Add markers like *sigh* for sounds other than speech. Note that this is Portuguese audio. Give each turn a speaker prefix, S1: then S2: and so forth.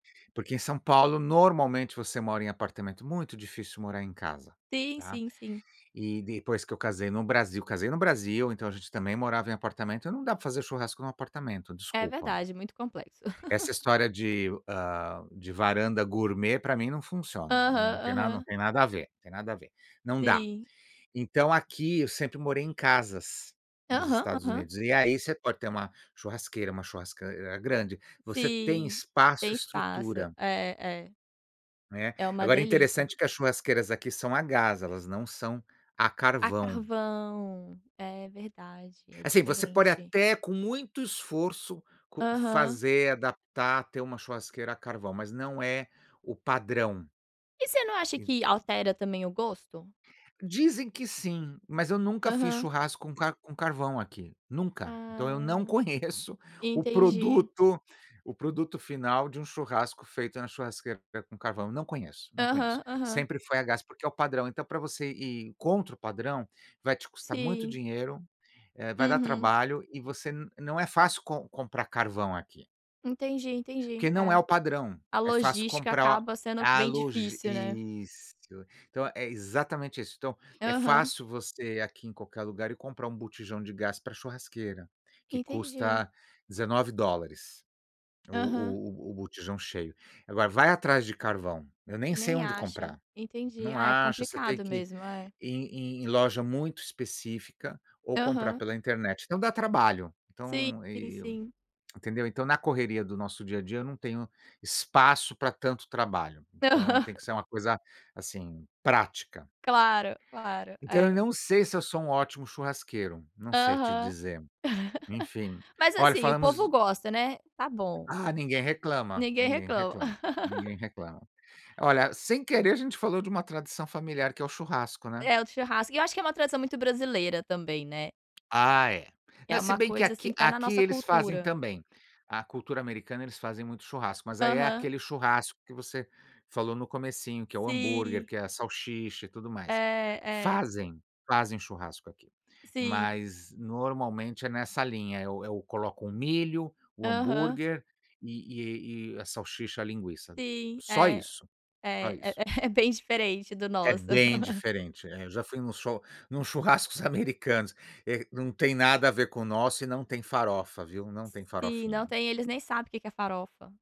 S1: Porque em São Paulo normalmente, você mora em apartamento muito difícil morar em casa,
S2: Sim,
S1: tá.
S2: sim, sim.
S1: E, depois que eu casei no Brasil, casei no Brasil, então a gente também morava em apartamento, não dá pra fazer churrasco no apartamento,
S2: É
S1: desculpa!
S2: verdade, muito complexo.
S1: Essa
S2: *laughs*
S1: história de, hã, de varanda gourmet pra mim não funciona,
S2: Aham,
S1: não tem na não
S2: aham.
S1: tem nada a ver, tem nada a ver, não dá.
S2: Sim.
S1: Então, aqui eu sempre morei em casas, nos
S2: Aham,
S1: Estados
S2: aham.
S1: Unidos, e aí, você pode ter uma churrasqueira, uma churrasq grande, você tem
S2: Sim,
S1: espaço,
S2: tem espaço,
S1: estrutura
S2: é, é.
S1: né.
S2: É uma
S1: Agora é
S2: delícia.
S1: interessante que as churrasqueiras aqui são a gás, elas não são a
S2: A
S1: carvão.
S2: carvão. È verdade, é
S1: Assim, você pode
S2: diferente.
S1: até com muito esforço co
S2: Aham.
S1: fazer, adaptar, ter uma churrasqueira a carvão, mas não é o padrão.
S2: E você não acha
S1: En
S2: que, altera também o gosto?
S1: Dizem que, sim! Mas eu nunca fiz
S2: Aham.
S1: churrasco com ca com carvão aqui, nunca! Então, eu não
S2: Ah.
S1: conheço o
S2: Entendi.
S1: produto o produto final de um churrasco feito na churrasqueira com ca carvão. Não conheço, não conheço,
S2: Aham, aham.
S1: sempre foi a gás porque é o padrão, então pra você ir contra o padrão, vai te custar muito
S2: Sim.
S1: dinheiro, eh, vai dar
S2: Uhum.
S1: trabalho e você nã não é fácil com comprar carvão aqui.
S2: Entendi,
S1: Porque
S2: entendi.
S1: não é
S2: É.
S1: o padrão,
S2: A
S1: é fácil
S2: logística
S1: comprar o
S2: acaba sendo
S1: a
S2: bem
S1: logis
S2: difícil, né?
S1: Isso, então, é exatamente isso. Então, é
S2: Aham.
S1: fácil você, aqui em qualquer lugar e comprar um botijão de gás pra a churrasqueira, que
S2: Entendi.
S1: custa $19
S2: Aham.
S1: o o o botijão cheio. Agora vai atrás de carvão, eu nem sei
S2: Nem
S1: onde
S2: acha,
S1: comprar,
S2: entendi,
S1: não
S2: ah, é
S1: acha, você tem
S2: complicado
S1: que ir
S2: mesmo é.
S1: em em loja muito específica ou comprar
S2: Aham.
S1: pela internet. Então, dá trabalho.
S2: Sim,
S1: Então
S2: sim,
S1: e e
S2: sim.
S1: *clicks tongue* entendeu? Então, na correria do nosso dia a dia eu não tenho espaço pra tanto trabalho, então,
S2: Aham.
S1: tem que ser uma coisa, assim, prática.
S2: Claro, claro.
S1: Então, eu
S2: É.
S1: não sei se eu sou um ótimo churrasqueiro, não sei te
S2: Aham.
S1: dizer. Enfim,
S2: *laughs* Mas,
S1: olha,
S2: assim, o
S1: falamos
S2: povo gosta, né, tá bom.
S1: Ah, ninguém reclama,
S2: Ninguém
S1: ninguém
S2: reclama.
S1: reclama, ninguém reclama.
S2: *laughs*
S1: Olha, sem querer a gente falou de uma tradição familiar que é o churrasco, né?
S2: É o do churrasco e eu acho é uma tradição muito brasileira também, né?
S1: Ah, é. Né,
S2: É
S1: se
S2: uma
S1: bem que
S2: coisa,
S1: aqui
S2: assim, que tá na
S1: aqui
S2: nossa
S1: eles fazem
S2: cultura.
S1: também. A cultura americana, eles fazem muito churrasco, mas, aí, é
S2: Aham.
S1: aquele churrasco que você, falou no comecinho, que é o hambúrguer,
S2: Sim.
S1: que é a salsicha e tudo
S2: É,
S1: mais.
S2: é.
S1: Fazem? Fazem churrasco aqui,
S2: Sim.
S1: mas normalmente é nessa linha. É o o colocam o milho, o
S2: Aham.
S1: hambúrguer, e e e a salsicha, a linguiça.
S2: Sim,
S1: Só
S2: é,
S1: isso,
S2: é,
S1: só
S2: é
S1: isso.
S2: é *chuckles* bem diferente do
S1: É
S2: nosso.
S1: bem
S2: *chuckles*
S1: diferente, é. Eu já fui num chu num churrascos americanos e não tem nada a ver com o nosso e não tem farofa viu, não tem
S2: Sim não
S1: farofinha.
S2: tem. Eles nem sabe o que que é farofa.